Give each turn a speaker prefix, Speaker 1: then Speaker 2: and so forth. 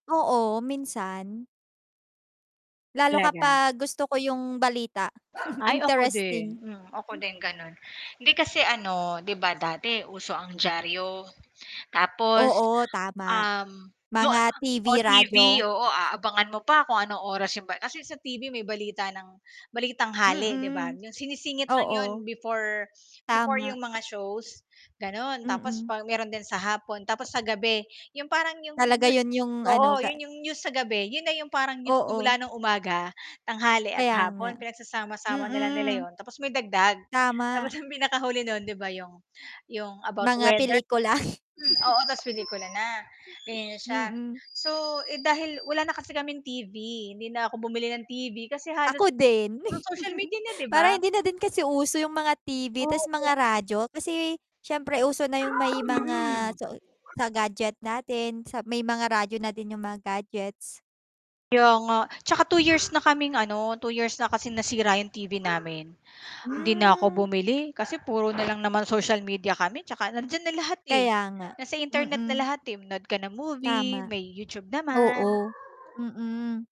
Speaker 1: Oo, minsan. Lalo ka
Speaker 2: Talaga?
Speaker 1: gusto ko yung balita,
Speaker 2: Ay, ako
Speaker 1: interesting.
Speaker 2: din, ako din gano'n, hindi kasi, ano, 'di ba, dati uso ang diaryo tapos,
Speaker 1: Oo, tama,
Speaker 2: um, yu ah
Speaker 1: mga TV,
Speaker 2: o TV
Speaker 1: radyo.
Speaker 2: oo, aabangan mo pa kung anong oras 'yong pa kasi sa TV may balita ng Balitanghali, 'di ba,
Speaker 1: Mm,
Speaker 2: 'yong sinisingit lang 'yon
Speaker 1: oo.
Speaker 2: before, before
Speaker 1: Tama.
Speaker 2: 'yong mga shows, gano'n. Tapos
Speaker 1: Mm.
Speaker 2: pag meron din sa hapon, tapos sa gabi 'yong parang 'yong
Speaker 1: Talaga,
Speaker 2: new
Speaker 1: 'yun 'yung, ano,
Speaker 2: oo,
Speaker 1: ga
Speaker 2: 'yon 'yong news sa gabi, yun na 'yong parang news na mula
Speaker 1: Oo.
Speaker 2: ng umaga, tanghali, at
Speaker 1: Kaya nga,
Speaker 2: hapon pinagsasama-sama na lang nila
Speaker 1: mm.
Speaker 2: 'yon, tapos may dagdag. Tapos
Speaker 1: Tama.
Speaker 2: 'yung pinakahuli no'n, 'di ba, 'yong ,'yong about
Speaker 1: Mga
Speaker 2: weather
Speaker 1: pelikula.
Speaker 2: mm, oo, ta's pelikula na, ganiyan na siya.
Speaker 1: Mm.
Speaker 2: So, eh, dahil wala na kasi kaming TV, hindi na ako bumili ng TV kasi halos
Speaker 1: Ako din,
Speaker 2: puro social media na, 'di
Speaker 1: parang
Speaker 2: ba?
Speaker 1: hindi na din kasi uso yung mga TV, 'tas
Speaker 2: Oo, nga.
Speaker 1: mga radyo, kasi s'yempre, uso na yung may mga
Speaker 2: Mm.
Speaker 1: soy sa gadget natin sa may mga radyo na din yung mga gadgets.
Speaker 2: Kaya nga, 'tsaka 2 years na kaming, ano, 2 years na kasi nasira 'yong TV namin, 'di na
Speaker 1: Hmm.
Speaker 2: ako bumili, kasi puro na lang naman social media kami 'tsaka nandiyan na lahat, eh,
Speaker 1: Kaya nga,
Speaker 2: nasa internet na
Speaker 1: mm.
Speaker 2: lahat, eh, nood ka ng movie
Speaker 1: Tama,
Speaker 2: may YouTube naman.
Speaker 1: oo. Mm.